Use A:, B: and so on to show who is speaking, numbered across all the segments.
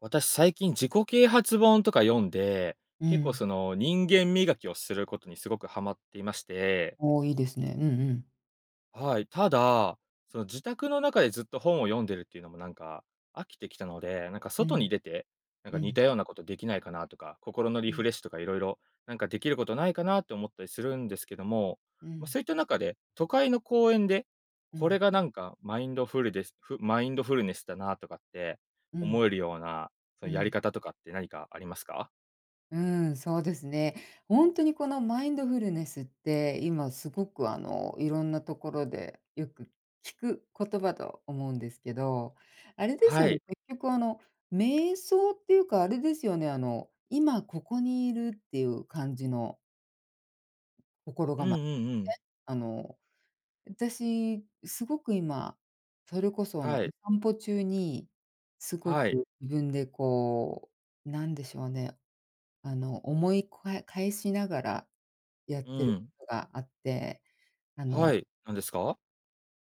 A: 私、最近自己啓発本とか読んで、
B: う
A: 結構
B: ん。
A: その人間磨きをすることにすごくハマっていまして。
B: おお、いいですね。うんうん。
A: はい、ただ、その自宅の中でずっと本を読んでるっていうのもなんか、飽きてきたので、なんか
B: う
A: 外
B: ん、
A: に出て、なん
B: う
A: か似
B: ん。
A: たようなことできないかなとか、心のリ
B: う
A: フ
B: ん。
A: レッシュとかいろいろ、なんかできることないかなと思ったりするんですけども、
B: う
A: ま、
B: ん。
A: そういった中で、都会の公園で、
B: う
A: これ
B: ん。
A: がなんかマインドフルデス、マインドフルネスだなとかって
B: う
A: 思
B: ん、
A: えるような、そ
B: う
A: のや
B: ん。
A: り方とかって何かありますか？
B: うん、そうですね。本当にこのマインドフルネスって今すごくあのいろんなところでよく聞く言葉と思うんですけど、あれです
A: は
B: よね、
A: い。
B: 結局あの瞑想っていうかあれですよね、あの今ここにいるっていう感じの。心
A: う
B: が
A: ん
B: ま、え、
A: うんうん。
B: あの私すごく今、それこそあのお
A: はい。
B: 散歩中にすご
A: はい。
B: く自分でこう、何でしょうね、あの思いこわ、返しながらやっ
A: う
B: ている
A: ん。
B: ことがあって、あ
A: は
B: の
A: い、何ですか？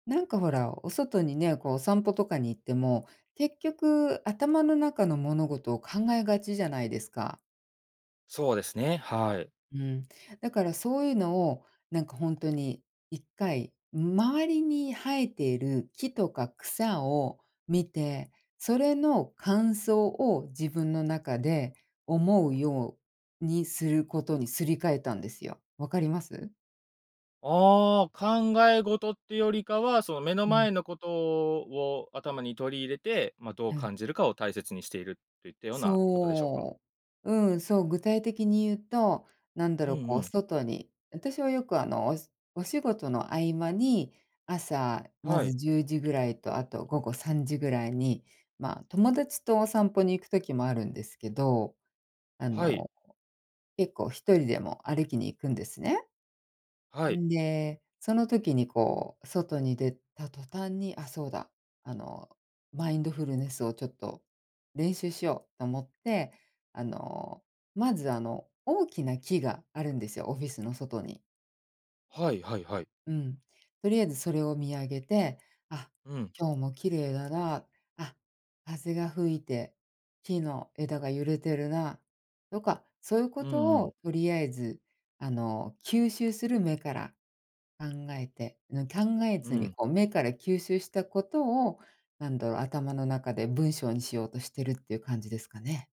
B: なんか、ほら、お外にね、こう、お散歩とかに行っても、結局頭の中の物事を考えがちじゃないですか。
A: そうですね、はい。
B: うん、だからそういうのを、なんか、ほんとに1回、周りに生えている木とか草を見て、それの感想を自分の中で思うようにすることにすり替えたんですよ。分かります？
A: ああ、考え事ってよりかは、その、目の
B: うん。
A: 前のことを頭に取り入れて、ま、どう
B: うん。
A: 感じるかを大切にしているといったようなことでしょうか？
B: そう。うん、そう、具体的に言うと、なんだろ
A: うん
B: う、こ
A: う
B: う、
A: ん。
B: 外に、私はよく、あの、おしお仕事の合間に朝ま
A: は
B: ず
A: い。
B: 10時ぐらいとあと午後3時ぐらいに、まあ、友達とお散歩に行くときもあるんですけど、あ
A: はい。
B: の結構1人でも歩きに行くんですね。
A: はい。
B: んで、その時に、こう、外に出た途端に、あ、そうだ、あの、マインドフルネスを、ちょっと、練習しようと思って、あの、まず、あの、大きな木があるんですよ、オフィスの外に。
A: はいはいはい。
B: うん、とりあえずそれを見上げて「あ、
A: うん。
B: 今日も綺麗だな、あ、風が吹いて木の枝が揺れてるな」とか、そういうこ
A: うんう
B: と
A: ん。
B: をとりあえず、あの、吸収する目から考えて、うん考え
A: う
B: ずに、
A: ん。
B: こう、目から吸収したことを、なんだろう、頭の中で文章にしようとしてるっていう感じですかね？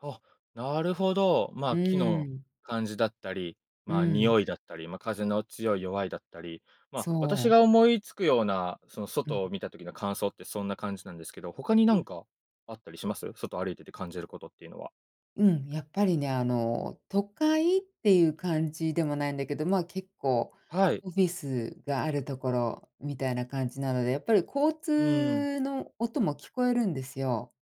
A: あ、なるほど。
B: う
A: ま、木
B: ー
A: の
B: ん。
A: 感じだったり、
B: う
A: ま、
B: ん。
A: 匂いだったり、ま、風の強い弱いだったり、ま、
B: そ
A: 私
B: う。
A: が思いつくようなその
B: うん。
A: 外を見た時の感想ってそんな感じなんですけど、他に
B: うん。
A: 何かあったりします？外歩いてて感じることっていうのは？
B: うん、やっぱりね、あの、都会っていう感じでもないんだけど、ま、結構
A: はい。
B: オフィスがあるところみたいな感じなので、やっぱり、交
A: うん。
B: 通の音も聞こえるんですよ。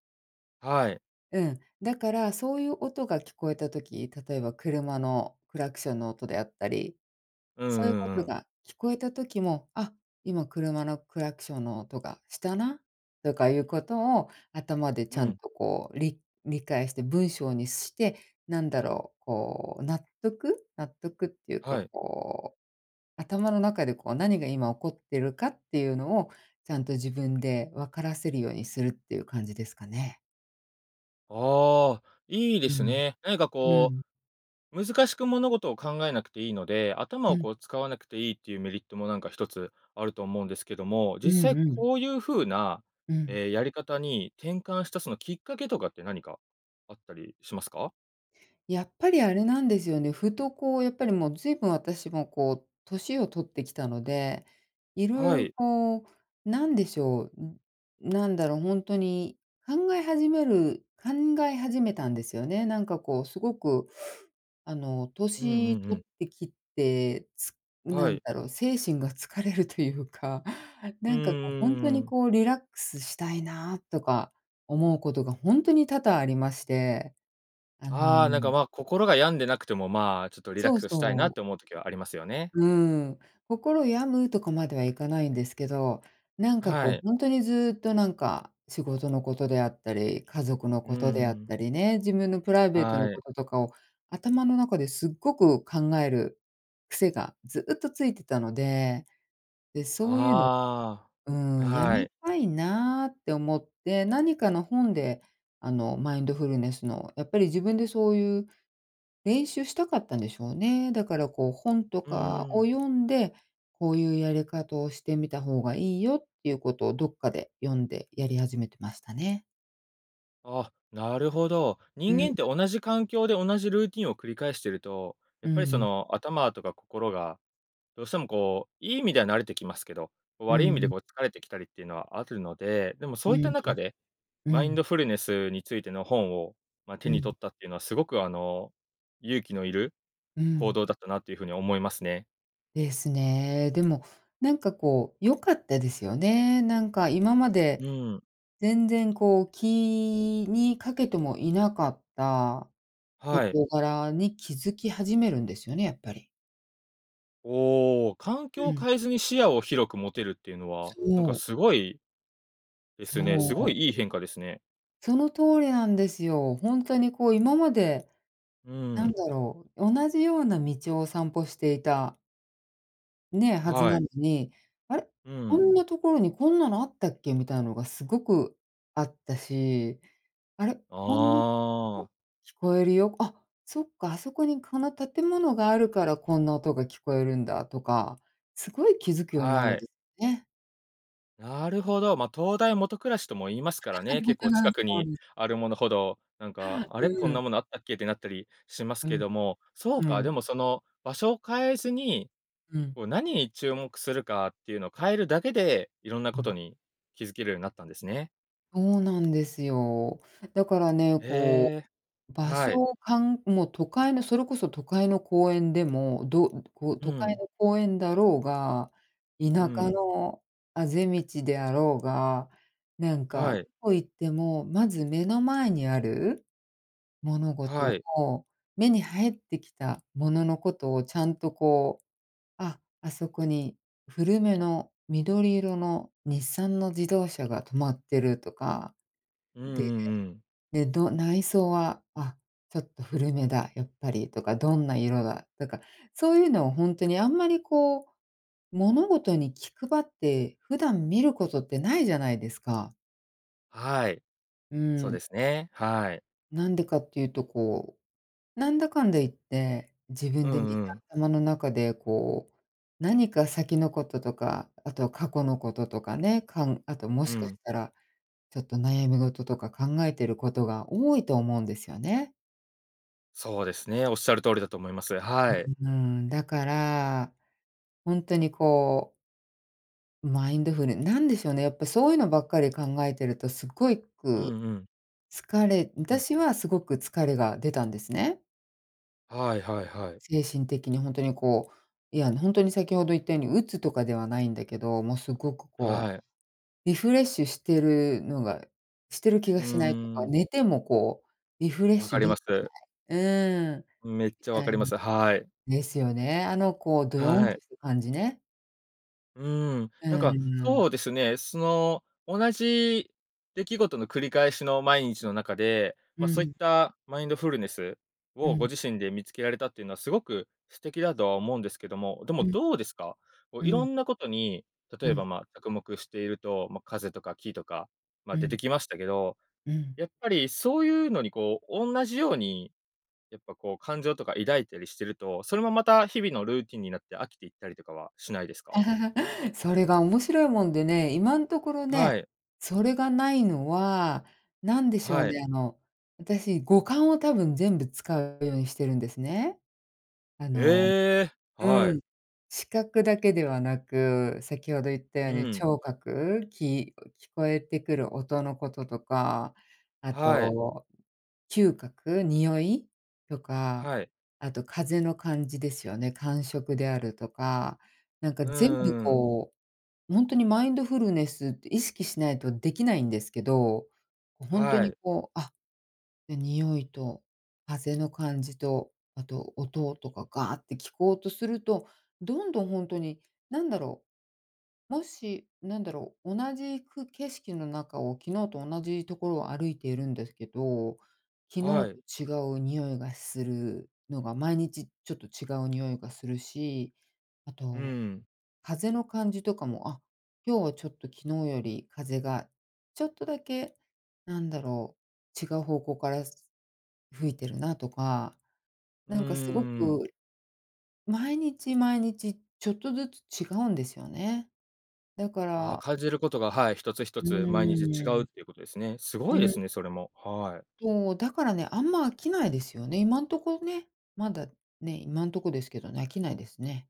A: はい。
B: うん、だからそういう音が聞こえた時、例えば車のクラクションの音であったり
A: う
B: そういう
A: ん
B: こ
A: うんう
B: と
A: ん。
B: が聞こえた時も「あ、今車のクラクションの音がしたな」とかいうことを頭でち
A: う
B: ゃん
A: ん。
B: と、こう、り理解して文章にして、なんだろう、こう、納得？納得っていうか、
A: はい。
B: こう、頭の中で、こう、何が今起こってるかっていうのをちゃんと自分でわからせるようにするっていう感じですかね。
A: ああ、いいで
B: う
A: す
B: ん、
A: ね。何か
B: う
A: こ
B: ん。
A: う、難しく物事を考えなくていいので、頭
B: う
A: を
B: ん。
A: こう使わなくていいっていうメリットもなんか一つあると思うんですけども、
B: う
A: 実
B: ん、
A: 際
B: うん。
A: こういう風な、
B: うん。
A: え、やり方に転換したそのきっかけとかって何か、あったりしますか？
B: やっぱりあれなんですよね、ふと、こうやっぱり、もうずいぶん私もこう年を取ってきたので、色
A: は
B: 々
A: い。
B: こう、なんでしょう、うなんだろう、ほんとに考え始める考え始めたんですよね。なんかこう、すごくあの
A: うん、う
B: 年
A: ん、う
B: 取
A: ん。
B: ってきて、つ
A: は
B: なん
A: い。
B: だろう、精神が疲れるというか、
A: うー
B: なんかこう、本当
A: ん、う
B: に
A: ーん。
B: こう、リラックスしたいな、とか思うことがほんとに多々ありまして。あ
A: ああ、なんか、
B: の。
A: ま、心が病んでなくてもまあ、ちょっとリラッ
B: そう、
A: クスしたい
B: そ
A: なっ
B: う。
A: て思う時はありますよね。
B: うーん。心を病むとかまではいかないんですけど、なんかこ
A: は
B: う
A: い。
B: ほんとにずっとなんか仕事のことであったり、家族の
A: うー
B: ことであっ
A: ん。
B: たりね、自分のプライベートの
A: は
B: こ
A: い。
B: ととかを、頭の中ですっごく考える癖がずっとついてたので。で、そういうの、
A: あ
B: うーん、
A: あ、
B: 止
A: は
B: め
A: い。
B: たいなって思って、何かの本であのマインドフルネスの、やっぱり自分でそういう練習したかったんでしょうね。だからこう、本と
A: う
B: か
A: ー
B: を
A: ん。
B: 読んで、こういうやり方をしてみた方がいいよっていうことをどっかで読んでやり始めてましたね。
A: あ、なるほど。
B: う
A: 人
B: ん。
A: 間って同じ環境で同じルーティンを繰り返してると、や
B: う
A: っぱり、そ
B: ん。
A: の、頭とか心が、どうしても、こう、いい意味では慣れてきますけど、
B: う
A: 悪い意味で、
B: ん。
A: こう、疲れてきたりっていうのはあるので、でも
B: う
A: そういっ
B: ん。
A: た中で、
B: う
A: マイン
B: ん。
A: ドフルネスについての本を、ま、
B: う
A: 手に
B: ん。
A: 取ったっていうのはすごく、あの、勇気のいる
B: う
A: 行
B: ん。
A: 動だったなという風に思いますね。
B: ですね。でも、なんか、こう、良かったですよね。なんか、今ま
A: う
B: で
A: ん。
B: 全然、こう、気にかけてもいなかった
A: はい。
B: 事柄に気づき始めるんですよね、やっぱり。
A: おお、環
B: う
A: 境を
B: ん。
A: 変えずに視野を広く持てるっていうのは、なん
B: そ
A: か、
B: う。
A: すごいですね、
B: そ
A: すご
B: う。
A: いいい変化ですね。
B: その通りなんですよ。ほんとに、こう、今まで、
A: う
B: なん
A: ん。
B: だろう、同じような道を散歩していた。ね、はず
A: は
B: な
A: い。
B: のに、あれ？
A: う
B: こ
A: ん。
B: んなところにこんなのあったっけ？みたいなのがすごくあったし、あれ？こん [unintelligible]
A: ああ。
B: 聞こえるよ。あ、そっか、あそこにこの建物があるからこんな音が聞こえるんだとか、すごい気づくようになる
A: は
B: ん
A: い。
B: ですね。
A: なるほど。ま、灯台下暗しとも言いますからね。結構近
B: [unintelligible]
A: く
B: そう
A: に
B: です。
A: あるものほど、なん
B: は
A: か、
B: あ、
A: あれ、こん
B: うん。
A: なものあったっけってなったりします
B: う
A: け
B: ん、
A: ども、そう
B: う
A: か、
B: ん。
A: でも、その、場所を変えずに、
B: うん。
A: こう、何に注目するかっていうのを変えるだけで、色んな
B: う
A: こと
B: ん。
A: に気づけるようになったんですね。
B: そうなんですよ。だからね、こ
A: ええ、
B: う、場所
A: はい。
B: をかんもう、都会のそれこそ都会の公園でも、どうこう、
A: う
B: 都会
A: ん。
B: の公園だろうが、田
A: う
B: 舎
A: ん。
B: の畦道であろうが、なんか、
A: は
B: ど
A: い。
B: こ行っても、まず目の前にある物事
A: はい。
B: を、目に入ってきた物のことを、ちゃんと、こう、ああ、あそこに古めの緑色の日産の自動車が止まってるとか、
A: うんう
B: で、
A: んうん。
B: で、ど内装は、あ、ちょっと古めだ、やっぱり、とか、どんな色だとか、そういうのをほんとに、あんまり、こう、物事に気配って普段見ることってないじゃないですか。
A: はい。
B: う
A: そう
B: ん。
A: ですね、はい。
B: なんでかっていうと、こう、なんだかんだ言って、自
A: う
B: 分でみ
A: ん
B: ん
A: う
B: な
A: ん。
B: 頭の中で、こう、何か先のこととか、あとは過去のこととかね、かん、あとも
A: う
B: しかし
A: ん。
B: たら、ちょっと、悩み事とか考えていることが多いと思うんですよね。
A: そうですね、おっしゃる通りだと思います。はい。
B: うーん、だから、本当にこうマインドフル何でしょうね、やっぱ、そういうのばっか考えているとすっごい
A: う
B: く
A: んうん。
B: 疲れ
A: うん。
B: 私はすごく疲れが出たんですね。
A: はいはいはい。
B: 精神的に本当に、こう、いや、本当に先ほど言ったように鬱とかではないんだけど、もう、すごく、こう、
A: はい。
B: リフレッシュしているのが、してる気
A: う
B: がしないという
A: ー
B: か、
A: ん。
B: 寝ても、こう、リフレッ
A: 分
B: シ
A: か
B: ュ
A: り
B: でき
A: ま
B: てな
A: す。
B: い。うーん、み
A: めっちゃわ
B: た
A: か
B: い
A: りま
B: な
A: す。はい。
B: ですよね。あの、こう、ドヨン
A: はい。
B: とする感じね。
A: うーん、なん
B: う
A: か、
B: ん。
A: そうですね、その、同じ出来事の繰り返しの毎日の中で、
B: う
A: ま、そういっ
B: ん。
A: たマインドフルネス？
B: う
A: をご
B: ん。
A: 自身で見つけられたっていうのはすごく素敵だとは思うんですけども、でも
B: うん。
A: どうですか？こう、
B: う
A: 色
B: ん。
A: んなことに、
B: う
A: 例えば、
B: ん。
A: ま、着目していると、ま、風とか木とか、ま、
B: う
A: 出て
B: ん。
A: きましたけど、
B: うん。
A: やっぱり、そういうのに、こう、同じように、やっぱ、こう、感情とか抱いたりしてると、それもまた日々のルーティンになって飽きていったりとかはしないですか？
B: それが面白いもんでね、今んところね、
A: はい。
B: それがないのは、何でしょう
A: はい。
B: ね、あの、私五感を多分全部使うようにしてるんですね。あの、
A: ええ、は
B: う
A: い。
B: ん、視覚だけではなく、先ほど言ったよう
A: う
B: に
A: ん。
B: 聴覚、き聞こえてくる音のこととか、あ
A: はい。
B: と嗅覚、匂いとか、
A: はい。
B: あと風の感じですよね。感触であるとか、なんか、
A: う
B: 全部、
A: ーん。
B: こう、本当にマインドフルネスって意識しないとできないんですけど、本当
A: は
B: に、
A: い。
B: こう、あ、匂いと風の感じと、あと音とかガーって聞こうとすると、どんどん本当に何だろう。もし、何だろう、同じく景色の中を昨日と同じところを歩いているんですけど、昨
A: はい。
B: 日と違う匂いがするのが毎日、ちょっと、違う匂いがするし、あ
A: う
B: と
A: ん。
B: 風の感じとかも、あ、今日は、ちょっと、昨日より風がちょっとだけ、なんだろう、違う方向から吹いてるなとか、
A: うー
B: なんか、すごく
A: ん。
B: 毎日毎日ちょっとずつ違うんですよね。だか
A: あ、
B: ら。
A: 感じることが、はい、1つひと
B: う
A: つ毎日違
B: ー
A: う
B: ん。
A: っていうことですね。す
B: う
A: ごいで
B: ん。
A: すね、それも。はい。
B: そう、だからね、あんま飽きないですよね。今のところね、まだね、今んとこですけどね、飽きないですね。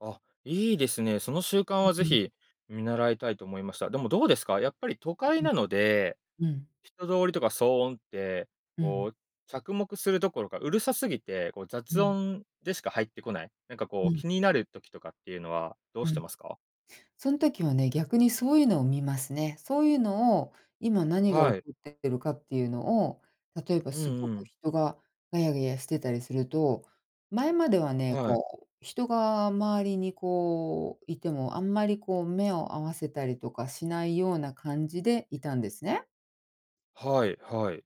A: あ、いいですね、その習慣は
B: う
A: ぜ
B: んうん。
A: ひ見習いたいと思いました。でもどうですかやっぱり都会
B: ん、
A: なので
B: うん、うん。
A: 人通りとか騒音って、
B: うん。
A: こう、着目するどころかうるさすぎて、こう、
B: う
A: 雑
B: ん。
A: 音でしか入ってこない、なんか、こ
B: う
A: う、
B: ん。
A: 気になる時とかっていうのはどう
B: う
A: して
B: ん、
A: ますか？
B: そん時はね逆にそういうのを見ますね。そういうのを今何が起こ
A: はい。
B: ってってるかっていうのを、例えば
A: う
B: す
A: ん
B: ご
A: う
B: く
A: ん。
B: 人がガヤガヤしてたりすると前まではね、
A: はい。
B: こう、人が周りに、こう、いてもあんまり、こう、目を合わせたりとかしないような感じでいたんですね。
A: はい、はい。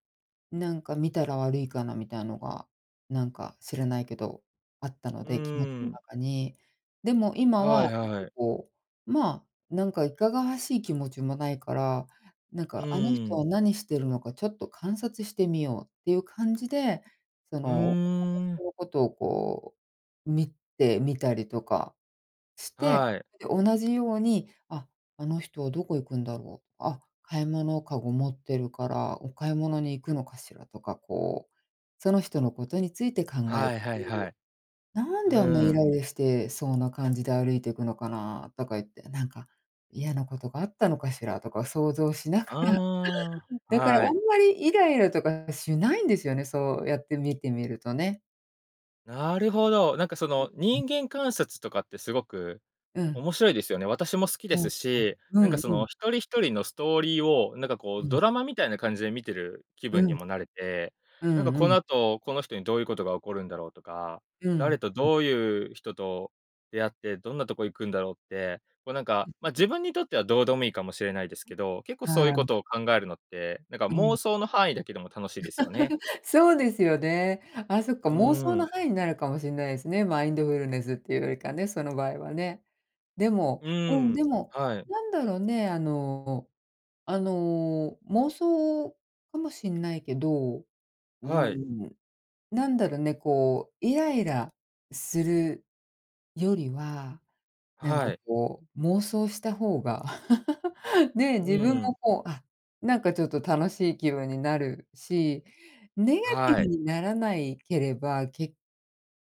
B: なんか見たら悪いかなみたいなのが、なんか知らないけどあったの
A: う
B: で気持ち
A: ー
B: の
A: ん。
B: 中に、でも今は
A: は
B: な
A: い
B: んか、
A: はい。
B: こう、ま、なんかいかがわしい気持ちもないからなん
A: う
B: か、あの
A: ー
B: 人
A: ん。
B: は何しているのかちょっと観察してみようっていう感じで、そ
A: う
B: の
A: ー ん。
B: こうことを、こう、見てみたりとかして、
A: はい。
B: で同じように、あ、あの人はどこ行くんだろう、あ、買い物かご持ってるからお買い物に行くのかしらとか、こう、その人のことについて考えて
A: はいはいはい。
B: なん
A: う
B: であんなにイ
A: ーん。
B: ライラして、そうな感じで歩いていくのかなとか言って、なんか嫌なことがあったのかしらとか想像しながら
A: あ あ、
B: だからあ
A: は
B: ん
A: い。
B: まりイライラとかしないんですよね、そうやって見てみるとね。
A: なるほど、なんかそ
B: うん、
A: の
B: うん。
A: 人間観察とかってすごく
B: うん。
A: 面白いですよね。私も好きで
B: はい、は
A: す
B: い、
A: し、
B: う
A: なんか
B: ん、
A: そ
B: う
A: の
B: ん。
A: 1人1人のストーリーを、なんかこ
B: う
A: う
B: ん。
A: ドラマみたいな感じで見てる気
B: う
A: 分に
B: ん。
A: もなれて、
B: う
A: なんか
B: んう
A: この
B: ん。
A: 後、この人にどういうことが起こるんだろうとか、
B: うん、
A: 誰と
B: ん。
A: どういう人と出会って、どんなとこ行くんだろうって、こうなんか、ま、自分にとってはどうでもいいかもしれないですけど、結構そういう
B: は
A: こ
B: い。
A: とを考えるのって、なんか
B: うん。
A: 妄想の範囲だけでも楽しいですよね。
B: そうですよね。あ、そっか
A: う
B: 妄
A: ー
B: 想の
A: ん。
B: 範囲になるかもしんないですね、マインドフルネスっていうよりかね、その場合はね。でも、
A: う
B: うん、で
A: ん、
B: も、
A: はい。
B: なんだろうね、あのあの、妄想かもしんないけど、うー
A: はい。
B: ん、なんだろうね、こう、イライラするよりはなん
A: は
B: か、
A: い。
B: こう、妄想した方が ね、自
A: う
B: 分も、
A: ん。
B: こう、あ、なんかちょっと楽しい気分になるしネガティ
A: は
B: ブ
A: い。
B: にならないければ、結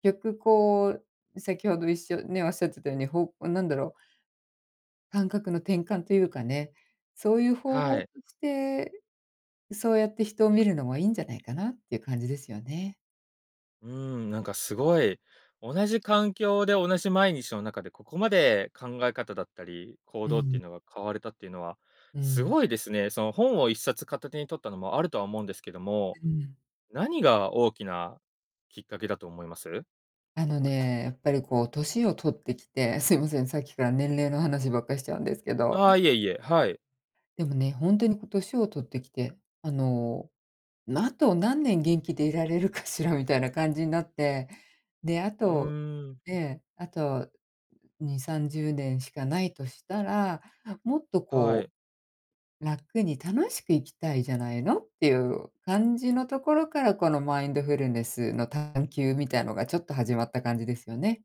B: 局、こう、先ほどいっしょね、おっしゃってたように方向なんだろう感覚の転換というかね、そういう方法
A: は
B: と
A: い。
B: して、そうやって人を見るのもいんじゃないかなっていう感じですよね。
A: うーん、なんかすごい、同じ環境で同じ毎日の中で、ここまで考え方だったり、行
B: う
A: 動ってい
B: ん。
A: うのが変われたっていうのは、
B: う
A: す
B: ん。
A: ごいですね。その本を一冊片手に取ったのもあるとは思うんですけども、
B: うん。
A: 何が大きなきっかけだと思います？
B: あのね、やっぱりこう歳を取ってきて、すいません、さっきから年齢の話ばっかしちゃうんですけど。
A: ああ、いえいえ、はい。
B: でもね、ほんとにこう歳を取ってきて、あの、なと何年元気でいられるかしらみたいな感じになって、で、あ
A: う
B: と、
A: ーん。
B: ね、あと2、30年しかないとしたら、もっと
A: は
B: こ
A: い。
B: う、楽に楽しく生きたいじゃないの？っていう感じのところから、このマインドフルネスの探求みたいのがちょっと始まった感じですよね。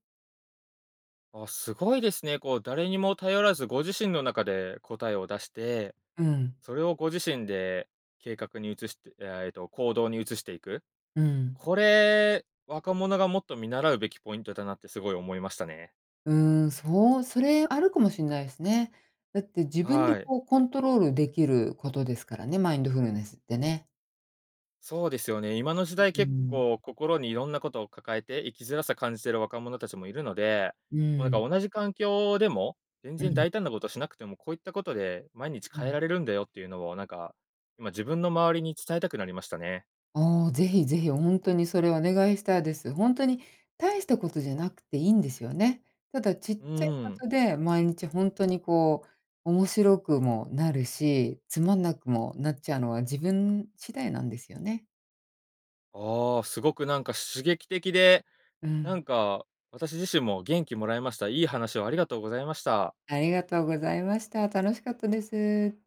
A: あ、すごいですね。こう誰にも頼らずご自身の中で答えを出して、
B: うん。
A: それをご自身で計画に移してえっと行動に移していく。
B: うん。
A: これ、若者がもっと見習うべきポイントだなってすごい思いましたね。
B: うーんそう、それあるかもしれないですね。だって自分で
A: はい。
B: こうコントロールできることですからね、マインドフルネスってね。
A: そうですよね、今の時
B: う
A: 代、
B: う
A: 結
B: ん。
A: 構心にいろんなことを抱えて生きづらさを感じている若者たちもいるので、
B: う
A: もうなんか
B: ん。
A: 同じ環境でも、全
B: う
A: 然
B: ん。
A: 大胆なことしなくても、こういったことで毎日
B: う
A: 変え
B: ん。
A: られるんだよっていうのをなんか、今自分の周りに伝えたくなりましたね。
B: ああ、ぜひぜひほんとにそれお願いしたいです。ほんとに大したことじゃなくていいんですよね。ただちっ
A: う
B: ちゃいこ
A: ーん。
B: とで毎日ほんとにこう面白くもなるし、つまんなくもなっちゃうのは自分次第なんですよね。
A: ああ、すごくなんか刺激的で、
B: う
A: なん
B: ん。
A: か私自身も元気もらいました。いい話をありがとうございました。
B: ありがとうございました。楽しかったです。